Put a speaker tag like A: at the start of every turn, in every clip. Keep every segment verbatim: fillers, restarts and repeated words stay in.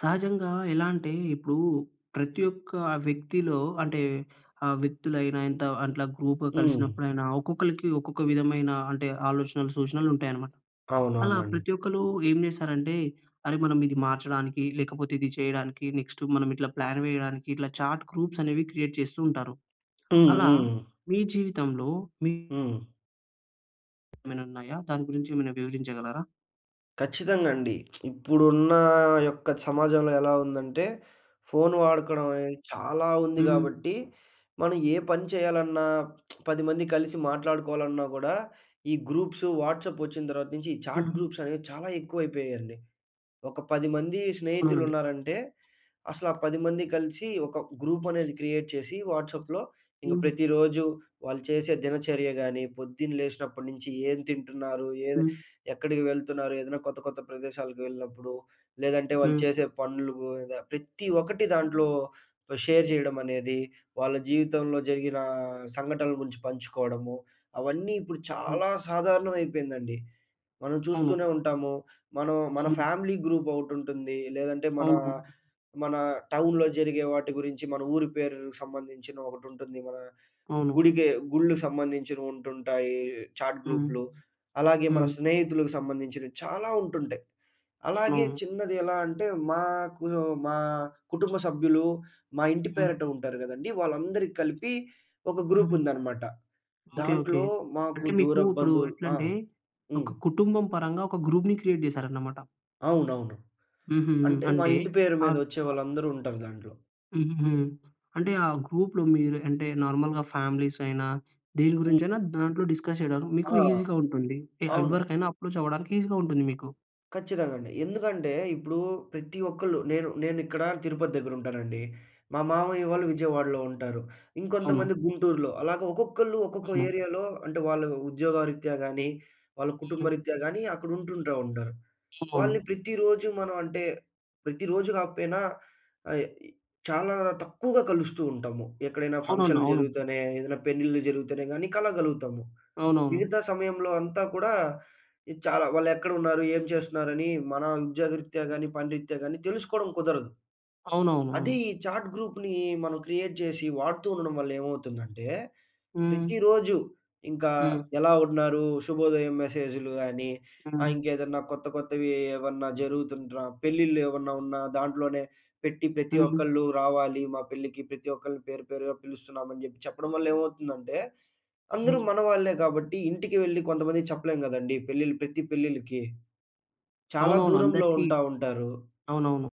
A: సహజంగా ఎలా అంటే, ఇప్పుడు ప్రతి ఒక్క వ్యక్తిలో అంటే, ఆ వ్యక్తులైన ఇంత అట్లా గ్రూప్‌గా
B: హ్మ్.
A: కలిసినప్పుడయినా ఒక్కొక్కళ్ళకి, ఒక్కొక్క విధమైన అంటే ఆలోచనలు, సూచనలు ఉంటాయి అన్నమాట. అలా
B: అవునవునండి.
A: ప్రతి ఒక్కళ్ళు ఏమి చేస్తారంటే, అరె! మనం ఇది మార్చడానికి, లేకపోతే ఇది చేయడానికి నెక్స్టు మనం ఇట్లా ప్లాన్ వేయడానికి ఇట్లా చాట్ గ్రూప్స్ అనేవి క్రియేట్ చేస్తూ ఉంటారు. అలా
B: హుహు.
A: మీ జీవితంలో మీ
B: హ్మ్.
A: ఏమైనా ఉన్నాయా? దాని గురించి ఏమైనా వివరించగలరా?
B: ఖచ్చితంగా అండి. ఇప్పుడున్న యొక్క సమాజంలో ఎలా ఉందంటే, ఫోన్ వాడుకోవడం అనేది చాలా ఉంది
A: హ్మ్.
B: కాబట్టి, మనం ఏ పని చేయాలన్నా పది మంది కలిసి మాట్లాడుకోవాలన్నా కూడా, ఈ గ్రూప్సు వాట్సాప్ వచ్చిన తర్వాత నుంచి ఈ చాట్
A: హ్మ్.
B: గ్రూప్స్ అనేవి చాలా ఎక్కువైపోయాయండి. ఒక పది మంది
A: అవునండి.
B: స్నేహితులున్నారంటే, అసలు ఆ పది మంది కలిసి ఒక గ్రూప్ అనేది క్రియేట్ చేసి, వాట్సాప్‌లో ఇంక
A: హ్మ్.
B: ప్రతిరోజు వాళ్ళు చేసే దినచర్య గాని, పొద్దున్న లేసినప్పటి నుంచి ఏం తింటున్నారు, ఏం
A: హ్మ్.
B: ఎక్కడికి వెళ్తున్నారు, ఏదైనా కొత్త, కొత్త ప్రదేశాలకు వెళ్ళినప్పుడు, లేదంటే వాళ్ళు
A: హ్మ్.
B: చేసే పనులు, ఇలా ప్రతి ఒక్కటి దాంట్లో ఆహ్, షేర్ చేయడం అనేది వాళ్ళ జీవితంలో జరిగిన సంఘటనల గురించి పంచుకోవడము, అవన్నీ ఇప్పుడు
A: అవ్
B: చాలా సాధారణం అయిపోయిందండి. మనం చూస్తూనే
A: అవును.
B: ఉంటాము మనం, మన
A: హ్మ్.
B: ఫ్యామిలీ గ్రూప్ ఒకటి ఉంటుంది. లేదంటే మన,
A: అవునవును.
B: మన టౌన్‌లో జరిగే వాటి గురించి, మన ఊరి పేరుకి సంబంధించిన ఒకటి ఉంటుంది. మన
A: అవును.
B: గుడికి గుళ్లుకు సంబంధించినవి ఉంటుంటాయి చాట్
A: హ్మ్.
B: గ్రూప్‌లు. అలాగే మన
A: హ్మ్.
B: స్నేహితులకి సంబంధించినవి చాలా ఉంటుంటాయి. అలాగే
A: అవునవును.
B: చిన్నది ఎలా అంటే, మాకు మా కుటుంబ సభ్యులు మా ఇంటి
A: హ్మ్.
B: పేరుట ఉంటారు కదండీ. వాళ్ళందరికీ కలిపి ఒక గ్రూప్
A: హుహు.
B: ఉందన్నమాట.
A: ఓకే. ఓకే.
B: దాంట్లో మాకు
A: అంటే మీకు
B: దూరపు
A: ఇప్పుడు
B: బంధువులు
A: ఎట్లా
B: ఆ!
A: అంటే,
B: హ్మ్.
A: ఒక కుటుంబం పరంగా ఒక గ్రూప్‌ని క్రియేట్ చేశారన్నమాట.
B: అవునవును.
A: హుహు.
B: అంటే మా
A: అంటే
B: ఇంటి పేరు
A: ఆ
B: మీద ఒచ్చే వాళ్ళందరూ ఉంటారు దాంట్లో.
A: హుహు. అంటే ఆ గ్రూప్‌లో మీరు అంటే నార్మల్‌గా ఫ్యామిలీస్ అయినా, దేని గురించైనా దాంట్లో డిస్కస్ చేయడానికి, మీకు
B: ఆ!
A: ఈసీ‌గా ఉంటుంది. ఎ ఆహ్,
B: అవును.
A: ఎవరికైనా అప్రోచ్ అవ్వడానికి ఈసీ‌గా ఉంటుంది మీకు.
B: ఖచ్చితంగా అండి. ఎందుకంటే ఇప్పుడు ప్రతి ఒక్కళ్ళు నేను నేనిక్కడ తిరుపతి దగ్గర ఉంటానండి. మా మామయ్య వాళ్ళు విజయవాడలో ఉంటారు.
A: అవును.
B: ఇంకొంతమంది గుంటూరులో. అలాగా ఒక్కొక్కళ్ళు ఒక్కొక్క ఏరియా‌లో అంటే వాళ్ళ ఉద్యోగరీత్యా గాని, వాళ్ళ కుటుంబరీత్యా గాని అక్కడ ఉంటుంటా ఉంటారు. వాళ్ళని
A: అవును.
B: ప్రతిరోజు మనం అంటే ప్రతిరోజు కాకపోయినా అయ్ చాలా తక్కువగా కలుస్తూ ఉంటాము. ఎక్కడైనా
A: అవునండి.
B: ఫంక్షన్‌లు
A: అవును.
B: జరుగుతేనే, ఏదైనా పెళ్ళిళ్ళు జరుగుతేనే, గాని కలవగలుగుతాము.
A: అవునవును.
B: మిగతా సమయంలో అంతా కూడా చాలా వాళ్ళు ఎక్కడ ఉన్నారు? ఏం చేస్తున్నారు అని మన ఉద్యోగరీత్యా గాని, పని రీత్యా గాని తెలుసుకోవడం కుదరదు. అదే
A: అవునవునవును.
B: ఈ చాట్ గ్రూప్‌ని మనం క్రియేట్ చేసి వాడుతూ ఉండడం వల్ల ఏమవుతుందంటే,
A: హ్మ్.
B: ప్రతిరోజు ఇంకా
A: హ్మ్.
B: ఎలా ఉన్నారు? శుభోదయం మెసేజ్‌లు గాని ఆహ్,
A: హ్మ్.
B: ఇంకేదైనా కొత్త కొత్తవి ఏవన్నా జరుగుతున్ర పెళ్ళిళ్ళు ఏవన్నా ఉన్నా దాంట్లోనే. పెట్టి ప్రతి
A: హ్మ్.
B: ఒక్కళ్ళు రావాలి. మా పెళ్ళికి ప్రతి ఒక్కరిని పేరు పేరుగా పిలుస్తున్నాం. అని చెప్పి చెప్పడం వల్ల ఏమవుతుందంటే అందరూ మనవాళ్లే కాబట్టి ఇంటికి వెళ్లి కొంతమందికి చెప్పలేం గదండీ! పెళ్లిలు ప్రతి పెళ్లిళ్లకి. చాలా
A: అవునవును.
B: దూరంలో
A: అందరికి
B: ఉంటా ఉంటారు.
A: అవునవును.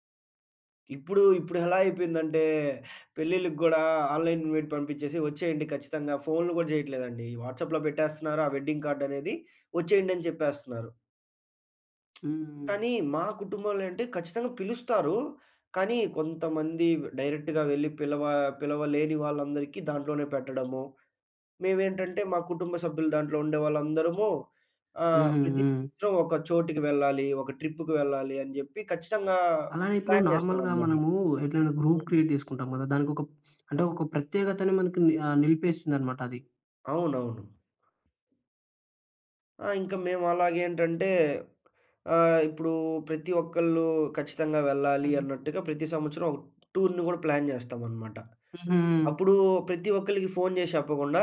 B: ఇప్పుడు ఇప్పుడెలా అయిపోయిందంటే పెళ్ళిళ్ళకి గూడా ఆన్‌లైన్ ఇన్‌వైట్ పంపిచ్చేసి వచ్చేయండి ఖచ్చితంగా, ఫోన్‌లు గూడా జేయట్లేదండి. ఈ వాట్సాప్‌లో పెట్టేస్తున్నారు. ఆ వెడ్డింగ్ కార్డ్ అనేది. వచ్చేయండి అని చెప్పేస్తున్నారు.
A: హ్మ్.
B: కానీ మా కుటుంబంలో ఏంటి ఖచ్చితంగా పిలుస్తారు. కానీ కొంతమంది డైరెక్ట్‌గా వెళ్లి పిలవ పిలవలేని వాళ్ళందరికీ దాంట్లోనే పెట్టడము. మేవేంటంటే మా కుటుంబ సభ్యులు దాంట్లో ఉండే వాళ్ళందరము ఆహ్,
A: హుహు.
B: ప్రతి
A: హ్మ్.
B: సంవత్సరం ఒక చోటుకి వెళ్ళాలి, ఒక ట్రిప్‌కి అని జెప్పి ఖచ్చితంగా
A: అలానే ఇప్పుడు
B: ప్లాన్
A: నార్మల్‌గా
B: జేస్తామనమాట.
A: మనము ఎట్లయినా గ్రూప్ క్రియేట్ చేసుకుంటాం గదా! దానికొక అంటే ఒక ప్రత్యేకతని మనకి ఆహ్, నిలిపేస్తుందనమాట అది.
B: అవునవును. ఆ! ఇంక మేము అలాగేంటంటే ఆహ్, ఇప్పుడు ప్రతి ఒక్కళ్ళు ఖచ్చితంగా వెళ్ళాలి అన్నట్టుగా, ప్రతి సంవత్సరం ఒక టూర్‌ని గూడా ప్లాన్ జేస్తామనమాట.
A: హుహుహు.
B: అప్పుడు ప్రతి ఒక్కలికి ఫోన్ జేసి చెప్పకుండా,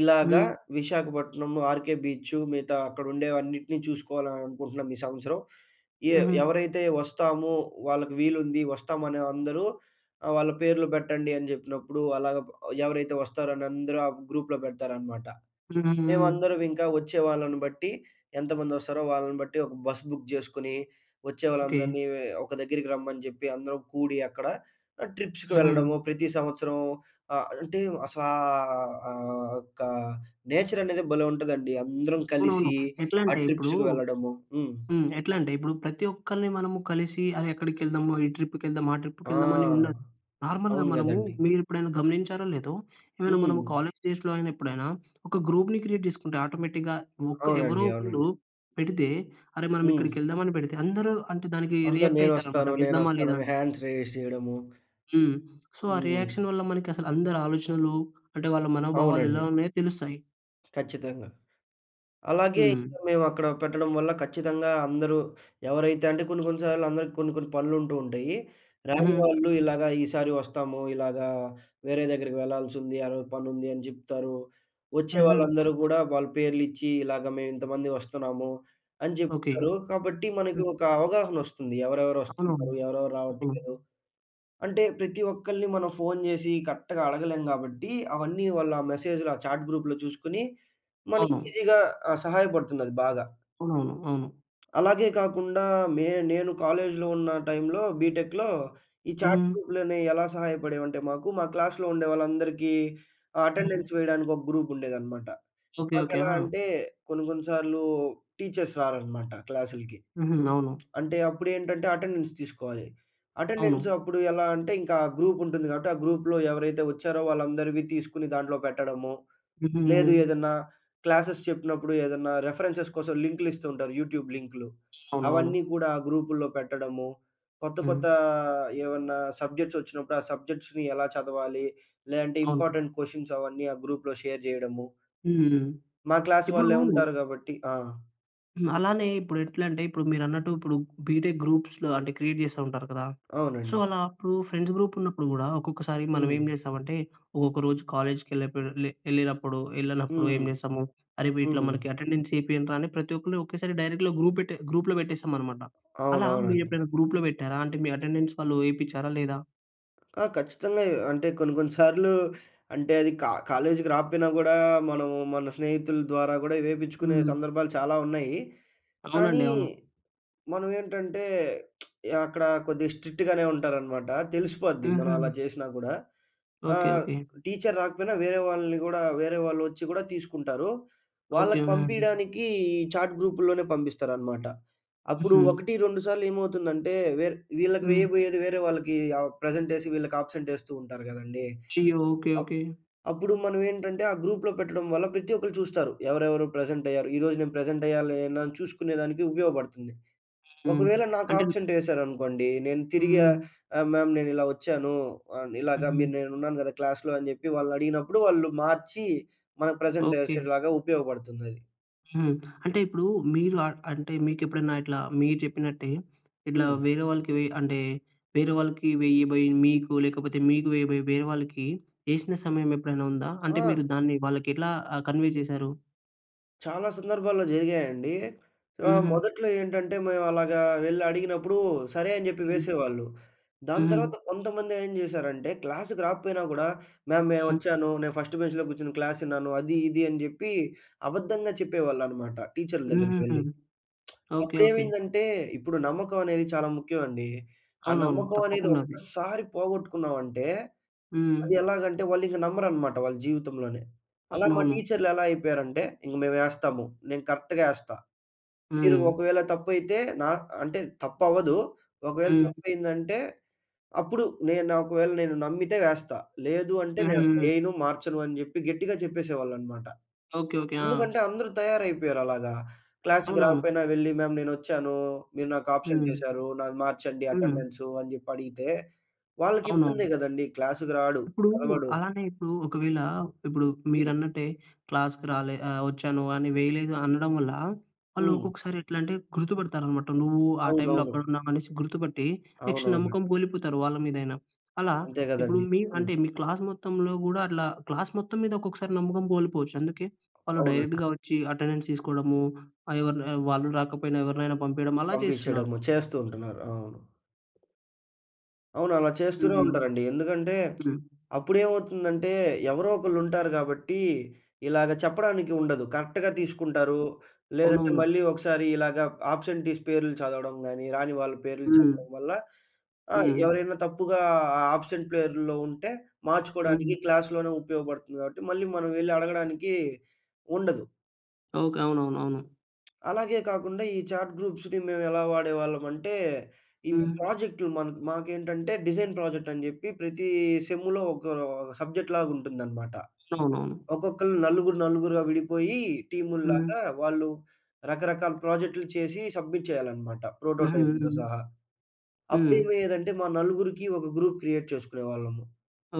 B: ఇలాగా
A: హ్మ్.
B: విశాఖపట్నం 'ఆర్‌కే బీచు' మిగతా అక్కడ ఉండేవన్నిటిని చూసుకోవాలి అని అనుకుంటున్నాం ఈ సంవత్సరం. ఎ
A: హుహు.
B: ఎవరైతే వస్తాము వాళ్ళకి వీలుంది వస్తామనే అందరూ ఆహ్, వాళ్ళ పేర్లు పెట్టండి అని జెప్పినప్పుడు, అలాగా బ్ ఎవరైతే వస్తారని అందరూ ఆ గ్రూప్‌లో పెడతారనమాట.
A: హుహుహు.
B: మేవందరం ఇంక వచ్చే వాళ్ళను బట్టి ఎంతమంది వస్తారో, వాళ్ళని బట్టి ఒక బస్ బుక్ జేసుకొని, వచ్చే
A: ఓకే.
B: వాళ్ళందరిని ఒక దగ్గరికి రమ్మని జెప్పి, అందరం కూడి అక్కడ ట్రిప్స్‌కి వెళ్ళడము
A: హుహు.
B: ప్రతి సంవత్సరం ఆహ్, అంటే అసలా ఆహ్, ఆ ఒక్క నేచర్ అనేది భలే ఉంటదండి. అందరం
A: అవునవును.
B: కలిసి ఆ
A: ఎట్లంటే ఇప్పుడు
B: ట్రిప్స్‌కి వెళ్ళడము. హ్మ్.
A: హ్మ్. ఎట్లంటే ఇప్పుడు ప్రతి ఒక్కలిని మనము కలిసి అరె ఎక్కడికెళ్దామా, ఈ ట్రిప్‌కెళ్దామా, ఆ
B: ఆ!
A: ట్రిప్‌కెళ్దామా అని ఉండదు. నార్మల్‌గా
B: అవును
A: మనము
B: గదండీ!
A: మీరు ఎప్పుడైనా గమనించారో లేదో, ఏమైనా మన
B: హ్మ్.
A: కాలేజ్ డేస్‌లో అయిన ఎప్పుడైనా ఒక గ్రూప్‌‌ని క్రియేట్ జేసుకుంటే ఆటోమేటిక్‌గా ఒక ఎవరో
B: అవునండి,
A: ఒకళ్ళు
B: అవునండి.
A: పెడితే, అరె మనం
B: హ్మ్.
A: ఇక్కడికెళ్దామని పెడితే అందరూ అంటే దానికి
B: అందరు
A: రియాక్ట్ అయితారనమాట
B: నేనొస్తాను,
A: వెళ్దామా
B: నేనొస్తాను
A: లేదా
B: అని
A: అనేసి.
B: హ్యాండ్స్ రైజ్ జేయడము.
A: హ్మ్. సో ఆ
B: హ్మ్.
A: రియాక్షన్ వల్ల మనకి అసలు అందరి ఆలోచనలు, అంటే వాళ్ళ మనోభావాలు ఎలా
B: అవునండి.
A: ఉన్నాయో తెలుస్తాయి.
B: ఖచ్చితంగా. అలాగే
A: హ్మ్.
B: ఇప్పుడు మేము అక్కడ పెట్టడం వల్ల ఖచ్చితంగా అందరూ ఎవరైతే అంటే కొన్ని కొన్ని సార్లు అందరికి కొన్ని కొన్ని పనులు ఉంటూ ఉంటయి. రాని
A: హుహు.
B: వాళ్ళు ఇలాగ ఈ సారి వస్తాము ఇలాగా వేరే దగ్గరికి వెళ్ళాల్సి ఉంది ఆ రోజు పనుంది అని చెప్తారు. వచ్చే
A: హుహు.
B: వాళ్ళందరూ కూడా వాళ్ళ పేర్లు ఇచ్చి, "ఇలాగ మేము ఇంతమంది వస్తున్నాము" అని
A: ఓకె.
B: చెప్తారు. కాబట్టి మనకి
A: హ్మ్.
B: ఒక అవగాహన వస్తుంది ఎవరెవరు
A: అవునవును.
B: వస్తున్నారు, ఎవరెవరు
A: హ్మ్.
B: రావట్లేదు. అంటే ప్రతి ఒక్కల్ని మనం ఫోన్ చేసి కరెక్ట్‌గా అడగలేం కాబట్టి, అవన్నీ వాళ్ళ మెసేజ్‌లు ఆ చాట్ గ్రూప్‌‌లో చూసుకొని మనకి
A: అవును.
B: ఈజీ‌గా ఆహ్, సహాయపడుతుంది అది బాగా.
A: అవునవును అవును.
B: అలాగే కాకుండా మే నేను కాలేజ్‌లో ఉన్న టైం‌లో, బీటెక్‌‌‌లో, ఈ చాట్
A: హ్మ్.
B: గ్రూప్‌లనేవి ఎలా సహాయపడేవి అంటే మాకు మా క్లాస్‌‌లో ఉండేవాళ్ళందరికి
A: హ్మ్.
B: అటెండెన్స్ వేయడానికి ఒక గ్రూప్ ఉండేదన్నమాట.
A: ఓకె,
B: మాకు
A: ఓకె.
B: ఎలా
A: ఆ!
B: అంటే, కొన్ని కొన్ని సార్లు టీచర్స్ రారన్నమాట క్లాసులకి.
A: హుహు. అవును.
B: అంటే అప్పుడు ఏంటంటే అటెండెన్స్ తీసుకోవాలి.
A: అవును.
B: అటెండెన్స్ అప్పుడు ఎలా అంటే ఇంకా ఆ గ్రూప్ ఉంటుంది కాబట్టి, ఆ గ్రూప్‌‌లో ఎవరైతే వచ్చారో వాళ్ళందరివి తీసుకొని దాంట్లో పెట్టడము.
A: హుహు.
B: లేదు ఏదన్నా క్లాసెస్ చెప్పినప్పుడు ఏదన్నా రిఫరెన్సెస్ కోసం లింక్‌లు ఇస్తూ ఉంటారు యూట్యూబ్ లింక్‌లు
A: అవునవును.
B: అవన్నీ కూడా ఆ గ్రూపుల్లో పెట్టడము. కొత్త కొత్త
A: హ్మ్.
B: ఏమన్నా సబ్జెక్ట్స్ వచ్చినప్పుడు ఆ సబ్జెక్ట్స్‌ని ఎలా చదవాలి? లేదంటే
A: అవును.
B: ఇంపార్టెంట్ క్వెషన్స్ అవన్నీ ఆ గ్రూప్‌లో షేర్ చేయడము.
A: హుహు.
B: మా క్లాస్
A: ఇప్పుడూ
B: వాళ్ళే ఉంటారు కాబట్టి. ఆ!
A: హ్మ్. అలానే ఇప్పుడెట్లంటే ఇప్పుడు మీరన్నట్టు ఇప్పుడు బీటెక్ గ్రూప్స్‌లో అంటే క్రియేట్ జేస్తా ఉంటారు కదా! సో
B: అవునండి.
A: అలా అప్పుడు ఫ్రెండ్స్ గ్రూప్ ఉన్నప్పుడు గూడా ఒక్కొక్కసారి మనమేం
B: హ్మ్.
A: చేస్తామంటే, ఒక్కొక్క రోజు కాలేజ్‌కి ఎళ్ళకపోయే లె ఎళ్ళినప్పుడు, ఎళ్ళనప్పుడు
B: హ్మ్.
A: ఏం జేస్తాము? అరె! వీటిలో
B: హ్మ్.
A: మనకి అటెండెన్స్ ఏపియండ్రా! అని ప్రతి ఒక్కళ్ళు ఒకేసారి డైరెక్ట్‌‌గా గ్రూప్ పెట్టె గ్రూప్‌లో పెట్టేస్తామన్నమాట. అలా మీరు
B: అవునవునండి.
A: ఎప్పుడైనా గ్రూప్‌లో పెట్టారా? అంటే మీ అటెండెన్స్ వాళ్ళూ ఏయిపించారా లేదా?
B: ఆ! ఖచ్చితంగా ఎ అంటే కొన్ని కొన్ని సార్లు అంటే అది కా కాలేజీకి రాకపోయినా గూడా మనం మన స్నేహితుల ద్వారా కూడా ఇవేపిచ్చుకునే
A: హ్మ్.
B: సందర్భాలు చాలావున్నాయీ. కానీ
A: అవునండి. అవును.
B: మనమేంటంటే అక్కడ కొద్దిగా స్ట్రిక్ట్‌గానే ఉంటారన్నమాట. తెలిసిపోద్ది మనం అలా
A: హుహు.
B: చేసినా కూడా.
A: ఓకె.
B: ఆహ్,
A: ఓకె.
B: టీచర్ రాకపోయినా వేరే వాళ్ళని గూడా వేరే వాళ్ళొచ్చి గూడా తీసుకుంటారూ.
A: ఓకె.
B: వాళ్ళకి
A: వే
B: పంపియడానికీ చాట్ గ్రూప్‌ల్లోనే పంపిస్తారన్నమాట. అప్పుడు
A: హుహు.
B: ఒకటి రెండు సార్లు ఏమవుతుందంటే వే వీళ్ళకి
A: హ్మ్.
B: వేయబోయేది వేరే వాళ్ళకి ఆహ్, ప్రెజెంటేసి వీళ్ళకి అబ్సెంట్ యేస్తూ ఉంటారు గదండీ!
A: [unintelligible] ఓకె.
B: Up
A: okay.
B: అప్పుడు మనమేంటంటే ఆ గ్రూప్‌లో పెట్టడం వల్ల ప్రతి ఒక్కళ్ళు చూస్తారు. ఎవరెవరు ప్రెజెంట్ అయ్యారు. ఈరోజు నేను ప్రెజెంట్ అయ్యాలి అని చూసుకునే దానికి ఉపయోగపడుతుంది.
A: హ్మ్.
B: ఒకవేళ నాకు
A: అంటే
B: ఆబ్సెంటేశారనుకోండి నేను తిరిగి ఆహ్,
A: హ్మ్.
B: ఆహ్, మ్యామ్ నేను ఇలా వచ్చానూ! ఆహ్, ఇలాగ మీరు
A: హుహు.
B: నేనున్నాను గదా క్లాస్‌లో! అని చెప్పి వాళ్ళడిగినప్పుడు వాళ్ళు మార్చి మనకు ప్రెజెంట్
A: ఓకె.
B: యేసేలాగా ఉపయోగపడుతుందది.
A: హ్మ్. అంటే ఇప్పుడు మీరు ఆహ్, అంటే మీకు ఎప్పుడైనా ఇట్లా మీరు చెప్పినట్టే, ఇట్లా
B: హ్మ్.
A: వేరే వాళ్ళకి వెయ్ అంటే వేరే వాళ్ళకి వేయబోయి మీకు, లేకపోతే మీకు వేయబోయి వేరే వాళ్ళకి యేసిన సమయం ఎప్పుడైనా ఉందా? అంటే మీరు
B: ఆ!
A: దాన్ని వాళ్ళకి ఎట్లా ఆహ్, కన్వే చేశారు?
B: చాలా సందర్భాల్లో జరిగాయండి. ఆహ్,
A: హుహు.
B: మొదట్లో ఏంటంటే మేమలాగా వెళ్లి అడిగినప్పుడు సరే, అని చెప్పి
A: హ్మ్.
B: వేసేవాళ్ళు. దాని
A: హుహు.
B: తర్వాత కొంతమంది ఏం చేశారంటే క్లాస్‌కి రాకపోయినా కూడా, "మ్యామ్!
A: హ్మ్.
B: నేనొచ్చాను. నేను ఫస్ట్ బెంచ్‌లో కూర్చొని క్లాస్ విన్నాను. అది ఇది" అని చెప్పి అబద్ధంగా చెప్పేవాళ్ళన్నమాట. టీచర్ల
A: హుహుహు.
B: దగ్గరికెళ్లి.
A: ఓకే. ఓకే.
B: అప్పుడేమైందంటే ఇప్పుడు నమ్మకం అనేది చాలా ముఖ్యం అండి. ఆ
A: అవునవును.
B: నమ్మకం అనేది
A: తప్పకుండా అది.
B: ఒక్కసారి పోగొట్టుకున్నాం అంటే, అది
A: హ్మ్.
B: ఎలాగంటే వాళ్లింకా నమ్మరన్నమాట వాళ్ళ జీవితంలోనే. అలా మా
A: అవునవును.
B: టీచర్‌లు ఎలా అయిపోయారు అంటే, "ఇంక మేము వేస్తాము. నేను కరెక్ట్‌గా ఎస్తా. మీరు
A: హ్మ్.
B: ఒకవేళ తప్పైతే నా అంటే తప్పవ్వదు. ఒకవేళ
A: హ్మ్.
B: తప్పు అయిందంటే అప్పుడు నేను నా ఒకవేళ నేను నమ్మితే వేస్తా. లేదు అంటే నేనసలు
A: హుహు.
B: ఎయను, మార్చను" అని చెప్పి గట్టిగా చెప్పేసేవాళ్ళన్నమాట.
A: ఓకే. ఓకే. ఆ!
B: ఎందుకంటే అందరూ తయారైపోయారలాగా. క్లాస్‌కి
A: అవునవును.
B: రాకపోయినా వెళ్లి, "మ్యామ్! నేనొచ్చాను. మీరు నాకు అబ్సెంట్
A: హ్మ్.
B: ఎశారు. నాకు మార్చండి
A: హ్మ్.
B: అటెండెన్సు" అని చెప్పి అడిగితే వాళ్ళకి ఇబ్బందే
A: అవునవును.
B: కదండీ. క్లాస్‌కి రాడు.
A: ఇప్పుడు
B: చదవడు.
A: అలానే ఇప్పుడు ఒకవేళ ఇప్పుడు
B: హ్మ్.
A: మీరన్నట్టే క్లాస్‌కి రాలే ఆహ్, వచ్చాను అని వేయలేదు అనడం వల్ల వాళ్ళు
B: హ్మ్.
A: ఒక్కొక్కసారి ఎట్లా అంటే గుర్తుపడతారన్నమాట. "నువ్వు ఆ టైమ్‌లో
B: అవునవును.
A: అక్కడున్నావు" అనేసి గుర్తుపట్టి నెక్స్ట్
B: అవునవును.
A: నమ్మకం కోల్పోతారు వాళ్ళ మీదైనా. అలా
B: అంతే
A: ఇప్పుడు
B: కదండీ!
A: మీ
B: హ్మ్.
A: అంటే మీ క్లాస్ మొత్తంలో కూడా అట్లా క్లాస్ మొత్తం మీద ఒక్కొక్కసారి నమ్మకం కోల్పోవచ్చు. అందుకే వాళ్ళు
B: అవునండి.
A: డైరెక్ట్‌‌గా వచ్చి అటెండెన్స్ తీసుకోవడము ఆహ్, ఎవరి లే వాళ్ళు రాకపోయినా ఎవరినైనా పంపియడం అలా చేస్తున్నారు.
B: పంపించడము చేస్తూ ఉంటున్నారు. అవును. అవును. అలా చేస్తూనే
A: హుహు.
B: ఉంటారండి. ఎందుకంటే,
A: హ్మ్.
B: అప్పుడేమవుతుందంటే ఎవరో ఒకళ్ళు ఉంటారు గాబట్టి ఇలాగ చెప్పడానికి ఉండదు. కరెక్ట్‌గా తీసుకుంటారు. లేదంటే
A: అవునవును.
B: మళ్ళీ ఒకసారి ఇలాగ ఆబ్సెంటీస్ పేర్లు చదవడం గాని, రాని వాళ్ళ పేర్లు
A: హ్మ్.
B: చదవడం వల్ల ఆహ్,
A: హ్మ్.
B: ఎవరైనా తప్పుగా ఆ ఆబ్సెంట్ ప్లేరులో ఉంటే మార్చుకోడానికి
A: హుహు.
B: క్లాస్‌లోనే ఉపయోగపడుతుంది గాబట్టి మళ్ళీ మనం వెళ్లి అడగడానికి ఉండదు.
A: ఓకే. అవునవునవును.
B: అలాగే కాకుండా ఈ చాట్ గ్రూప్స్‌ని మేము ఎలా వాడేవాళ్ళం అంటే, ఇవి
A: హ్మ్.
B: ప్రాజెక్ట్‌లు మన్ మాకేంటంటే డిజైన్ ప్రాజెక్ట్ అని జెప్పి ప్రతి సెమ్‌లో ఒకా సబ్జెక్ట్‌లాగా ఉంటుందన్నమాట.
A: అవునవును.
B: ఒక్కొక్కళ్ళు నలుగురు నలుగురుగా విడిపోయి
A: హ్మ్.
B: టీముల్లాగా, వాళ్ళు రకరకాల ప్రాజెక్ట్‌లు చేసి సబ్‌మిట్ చేయాలన్నమాట
A: హుహు.
B: ప్రోటోటైప్‌లతో సహా. అప్పుడు
A: హ్మ్.
B: ఏమయ్యేదంటే మా నలుగురికి ఒక గ్రూప్ క్రియేట్ చేసుకునేవాళ్ళము.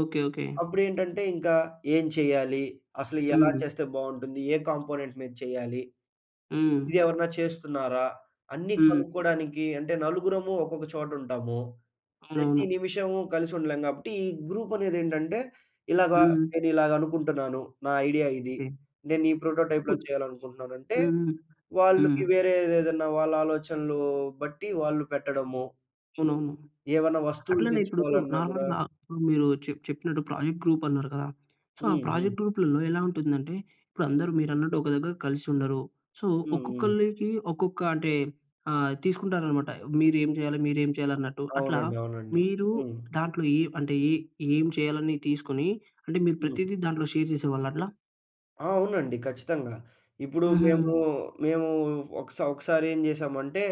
A: ఓకే. ఓకే.
B: అప్పుడేంటంటే ఇంకా ఏం చెయ్యాలి? అసలు ఎలా
A: హుహు.
B: చేస్తే బావుంటుంది? ఏ కాంపోనెంట్ మీద చెయ్యాలి.
A: హ్మ్.
B: ఇది ఎవరైనా చేస్తున్నారా? అన్ని
A: హ్మ్.
B: కనుక్కోడానికి అంటే నలుగురము ఒక్కొక్క చోట ఉంటాము. ప్రతి
A: అవునవును.
B: నిమిషము కలిసి ఉండలేం గాబట్టి ఈ గ్రూప్ అనేది ఏంటంటే ఇలాగ
A: హ్మ్.
B: నేను ఇలాగ అనుకుంటున్నాను. నా ఐడియా ఇది
A: ఓకే.
B: నేను ఈ ప్రోటోటైప్‌లో
A: [unintelligible]
B: చేయాలనుకుంటున్నాను. అంటే
A: హుహు.
B: వాళ్ళకి
A: హ్మ్.
B: వేరే ఏదేదన్నా వాళ్ళ ఆలోచనలు బట్టి వాళ్ళు పెట్టడము.
A: అవునవును.
B: ఏవన్నా వస్తువులు
A: అట్లనే ఇప్పుడూ
B: తెచ్చుకోవాలన్నా గూడా
A: నార్మల్‌‌గా మీరు చె చెప్పినట్టు ప్రాజెక్ట్ గ్రూప్ అన్నారు కదా! సో, ఆ
B: హుహు.
A: ప్రాజెక్ట్ గ్రూప్‌లలో ఎలా ఉంటుందంటే, ఇప్పుడు అందరూ మీరు అన్నట్టు ఒక దగ్గర కలిసి ఉండరు. సో,
B: హుహు.
A: ఒక్కొక్కళ్ళకి ఒక్కొక్క అంటే ఆహ్, తీసుకుంటారు అనమాట. మీరు ఏం జేయాలి? మీరేం చేయాలి అన్నట్టు? అట్లా
B: అవునండి. అవునండి.
A: మీరు
B: హ్మ్.
A: దాంట్లో ఇవ్ అంటే ఈ ఏం చేయాలి అని తీసుకొని అంటే మీరు
B: హ్మ్.
A: ప్రతిదీ దాంట్లో షేర్ జేసేవాళ్ళ అట్లా?
B: ఆ! అవునండి ఖచ్చితంగా. ఇప్పుడు మేము,
A: హుహు.
B: మేము ఒక స ఒకసారి ఏం జేసామంటే,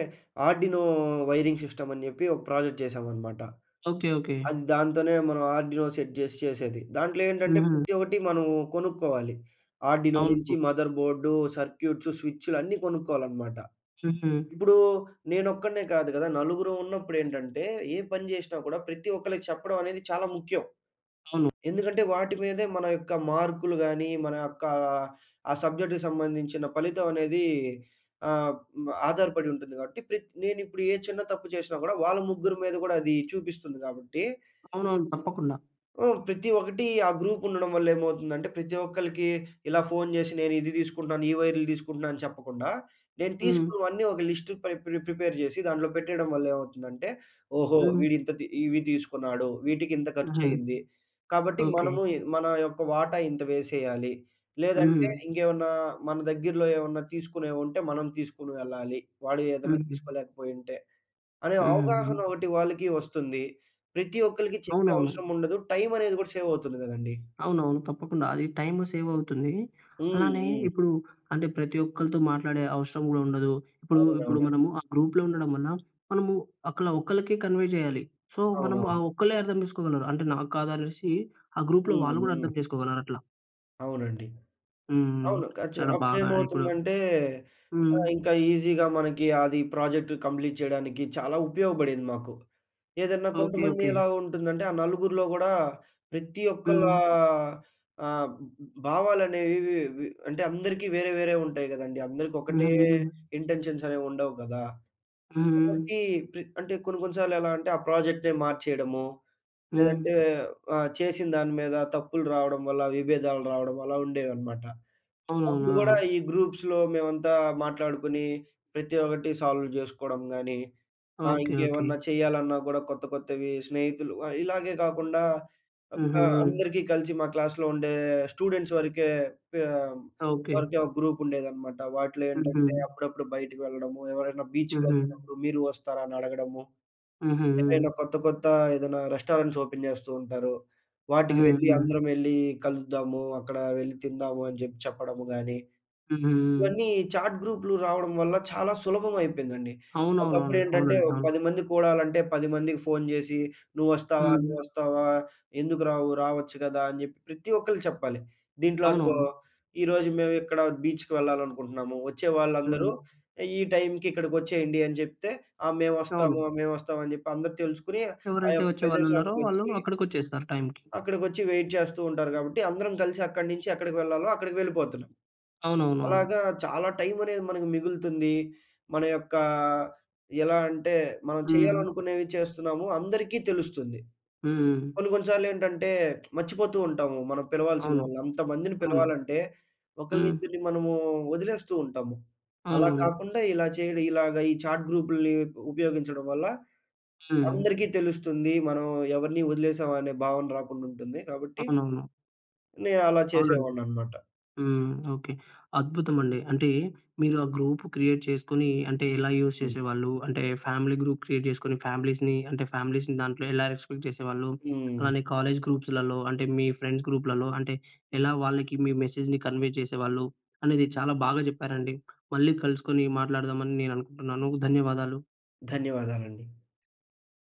B: ఆర్డినో వైరింగ్ సిస్టమ్ అని జెప్పి. ఒక ప్రాజెక్ట్ చేశామనమాట.
A: ఓకే. ఓకే.
B: అది దాంతోనే మనం ఆర్డినో సెట్ జేసి చేసేది. దాంట్లో ఏంటంటే,
A: హుహు.
B: ప్రతి ఒకటి మనం కొనుక్కోవాలి. ఆర్డినో నుంచి
A: అవును.
B: మదర్ బోర్డు, సర్క్యూట్సు, స్విచ్‌లు అన్నీ కొనుక్కోవాలనమాట.
A: హుహు.
B: ఇప్పుడూ, నేనొక్కడినే కాదు కదా. నలుగురం ఉన్నప్పుడు ఏంటంటే, ఏ పని జేసినా కూడా ప్రతి ఒక్కళ్ళకి చెప్పడం అనేది చాలా ముఖ్యం.
A: అవును.
B: ఎందుకంటే, వాటి మీదే మన యొక్క మార్క్‌లు గాని, మన యొక్క ఆ సబ్జెక్ట్‌‌కి సంబంధించిన ఫలితం అనేది ఆహ్, ఆధారపడి ఉంటుంది. కాబట్టి ప్రత్ నేను ఇప్పుడు ఏ చిన్న తప్పు చేసినా కూడా వాళ్ళ ముగ్గురు మీద గూడా అది చూపిస్తుంది గాబట్టి...
A: అవునవును. తప్పకుండా.
B: ఆ! ప్రతి ఒక్కటి ఆ గ్రూప్ ఉండడం వల్ల ఏమవుతుందంటే, ప్రతి ఒక్కళ్ళకి ఇలా ఫోన్ జేశి. నేను ఇది తీసుకుంటున్నాను. ఈ వైర్‌లు తీసుకుంటున్నాను అని చెప్పకుండా. నేను
A: హ్మ్.
B: తీసుకున్నవన్నీ ఒక లిస్ట్ పై ప్రి ప్రిపేర్ జేసి. దాంట్లో పెట్టేయడం వల్ల ఏమవుతుందంటే, ఓహో!
A: హ్మ్.
B: వీడు ఇంత తి ఇవి తీసుకున్నాడు. వీటికి ఇంత ఖర్చు
A: హుహు.
B: అయ్యింది. కాబట్టి
A: ఓకే.
B: మనము మన యొక్క వాటా ఇంత వేసేయాలి.
A: హుహు.
B: లేదంటే ఇంకేమన్నా మన దగ్గరలో ఏమైనా తీసుకునేవుంటే, మనం తీసుకొని వెళ్ళాలి. వాడు ఏదన్నా
A: హుహు.
B: తీసుకోలేకపోయుంటే. అనే
A: హూహుహు.
B: అవగాహన ఒకటి వాళ్ళకి వస్తుంది. ప్రతి ఒక్కళ్ళకి చెప్పే
A: అవునవును.
B: అవసరం ఉండదు. టైమ్ అనేది గూడా సేవ్ అవుతుంది గదండి.
A: అవునవును. తప్పకుండా అది టైమ్ సేవ్ అవుతుంది. అలానే
B: హుహు.
A: ఇప్పుడు అంటే ప్రతి ఒక్కళ్ళతో మాట్లాడే అవశరం గూడా ఉండదు. ఇప్పుడు, ఇప్పుడు
B: అవునవునండి.
A: మనము ఆ గ్రూప్‌లో ఉండడం వల్ల. మనము అక్కల ఒక్కలకే కన్వే జేయాలి. సో, మనము ఆ
B: అవునవును.
A: ఒక్కలే అర్థం చేసుకోగలరు. అంటే నాకు కాదు అనేసి ఆ గ్రూప్‌లో వాళ్ళు గూడా
B: హుహు.
A: అర్థం చేసుకోగలరు. అట్లా.
B: అవునండి.
A: హ్మ్.
B: అవును ఖచ్చిగా
A: చాలా బాగా ఇప్పుడు
B: అప్పుడేమవుతుందంటే, ఆ!
A: హ్మ్.
B: ఇంకా ఈజీ‌గా మనకి అది ప్రాజెక్ట్ కంప్లీట్ చేయడానికి చాలా ఉపయోగపడింది మాకు. ఏదన్నా
A: ఓకే.
B: కొంతమంది
A: ఓకే.
B: ఎలా ఉంటుందంటే ఆ నలుగురిలో కూడా ప్రతి ఒక్కలా
A: హ్మ్.
B: ఆహ్, ఆ! బ బ భావాలనేవి వి అంటే అందరికి వేరే, వేరే ఉంటాయి కదండీ. అందరికి
A: హ్మ్.
B: ఒకటే
A: హ్మ్.
B: ఇంటెన్షన్స్ అనేవి ఉండవు కదా! కాబట్టి
A: హ్మ్.
B: ప్ర అంటే కొన్ని కొన్ని సార్లు ఎలా అంటే ఆ! ప్రాజెక్టే మార్చేయడము.
A: హ్మ్.
B: లేదంటే ఆ! చేసిన దాని మీద తప్పులు రావడం వల్ల విభేదాలు రావడం అలా ఉండేవన్నమాట. అప్పుడు కూడా
A: అవునవునా?
B: ఈ గ్రూప్స్‌లో మేమంతా మాట్లాడుకొని ప్రతి ఒక్కటి సాల్వ్ చేసుకోవడం గాని, ఆ!
A: ఓకే. ఓకే.
B: ఇంకేమన్నా చేయాలన్నా కూడా కొత్త కొత్తవి స్నేహితులు ఇలాగే కాకుండా ఒక
A: హుహు.
B: అందరికి కలిసి మా క్లాస్‌లో ఉండే స్టూడెంట్స్ వరకే పిహ్
A: ఓకే.
B: వరకే ఒక గ్రూప్ ఉండేది అన్నమాట. వాటిలో ఏంటంటే
A: హుహు.
B: అప్పుడప్పుడు బయటికి వెళ్ళడము. ఎవరైనా బీచ్‌కి
A: హుహు.
B: వెళ్తున్నప్పుడు మీరు వస్తారా? అని అడగడము. ఏమైనా
A: హుహు.
B: కొత్త కొత్త ఏదైనా రెస్టారెంట్స్ ఓపెన్ చేస్తూ ఉంటారు. వాటికి వెళ్లి
A: హుహు.
B: అందరం యెళ్లి కలుద్దాము, అక్కడ వెళ్ళి తిందాము అని చెప్పి చెప్పడము గాని.
A: హుహు.
B: ఇవన్నీ చాట్ గ్రూప్‌లు రావడం వల్ల చాలా సులభం అయిపోయిందండి.
A: అవును, అవును,
B: ఒకప్పుడు
A: అవును.
B: ఏంటంటే
A: అవునండి,
B: ఓహ్!
A: అవును.
B: పది మంది కూడాలంటే పది మందికి ఫోన్ చేసి నువ్వు వస్తావా?
A: హ్మ్.
B: నువ్వు వస్తావా? ఎందుకు రావు, రావచ్చు కదా! అని చెప్పి ప్రతి ఒక్కలు చెప్పాలి. దీంట్లో అనుకో
A: అవునవును.
B: ఈ రోజు మేము ఇక్కడ బీచ్‌కి వెళ్ళాలనుకుంటున్నాము వచ్చే వాళ్ళందరూ
A: హ్మ్.
B: ఈ టైంకి ఇక్కడికి వచ్చేయండి. అని చెప్తే ఆ! మేము వస్తాము
A: అవును.
B: మేము వస్తాము అని చెప్పి అందరూ తెలుసుకొని ఆ!
A: ఎవరైతే
B: యొక్క
A: వచ్చేవాళ్ళు ఉన్నారో
B: ప్రదేశానికి
A: వాళ్ళు
B: వచ్చి...
A: అక్కడికొచ్చేస్తారు టైమ్‌కి.
B: అక్కడికి వచ్చి వైట్ చేస్తూ ఉంటారు కాబట్టి అందరం కలిసి అక్కడి నుంచి ఎక్కడికి వెళ్ళాలో అక్కడికి వెళ్ళిపోతున్నాం.
A: అవునవునవును.
B: అలాగా చాలా టైమ్ అనేది మనకు మిగులుతుంది. మన యొక్క ఎలా అంటే మనం
A: హ్మ్.
B: చేయాలనుకునేవి చేస్తున్నాము అందరికి తెలుస్తుంది.
A: హ్మ్.
B: కొన్ని కొన్ని సార్లు ఏంటంటే మర్చిపోతూ ఉంటాము. మనం పిలవాల్సిన
A: అవును,
B: వాళ్ళు అంతమందిని
A: అవును.
B: పిలవాలంటే ఒకళ్ళు
A: హ్మ్.
B: ఇద్దరిని మనము వదిలేస్తూ ఉంటాము. అలా
A: అవునవును.
B: కాకుండా ఇలా చేయడం, ఇలాగ ఈ చాట్ గ్రూప్‌లని ఉ ఉపయోగించడం వల్ల
A: హ్మ్.
B: అందరికీ తెలుస్తుంది, మనం ఎవరిని వదిలేసాం అనే భావన రాకుండా ఉంటుంది కాబట్టి.
A: అవునవును.
B: నేను అలా
A: అవునండి.
B: చేసేవాడిని అన్నమాట.
A: హ్మ్. ఓకే. అద్భుతం అండి. అంటే మీరు ఆ! గ్రూప్ క్రియేట్ చేసుకొని, అంటే ఎలా యూజ్
B: హ్మ్.
A: చేసేవాళ్ళు. అంటే ఫ్యామిలీ గ్రూప్ క్రియేట్ చేసుకొని ఫ్యామిలీస్‌‌‌ని అంటే ఫ్యామిలీస్‌‌‌ని దాంట్లో ఎలా ఎగ్జిక్యూట్ చేసేవాళ్ళు.
B: హ్మ్.
A: అలానే కాలేజ్ గ్రూప్స్‌లలో అంటే మీ ఫ్రెండ్స్ గ్రూప్‌లలో అంటే ఎలా వాళ్ళకి మీ మెసేజ్‌‌ని కన్వే చేసేవాళ్ళు అనేది చాలా బాగా చెప్పారండి. మళ్ళీ కలుసుకొని మాట్లాడదాం అని నేను అనుకుంటున్నాను. ధన్యవాదాలు.
B: ధన్యవాదాలండి.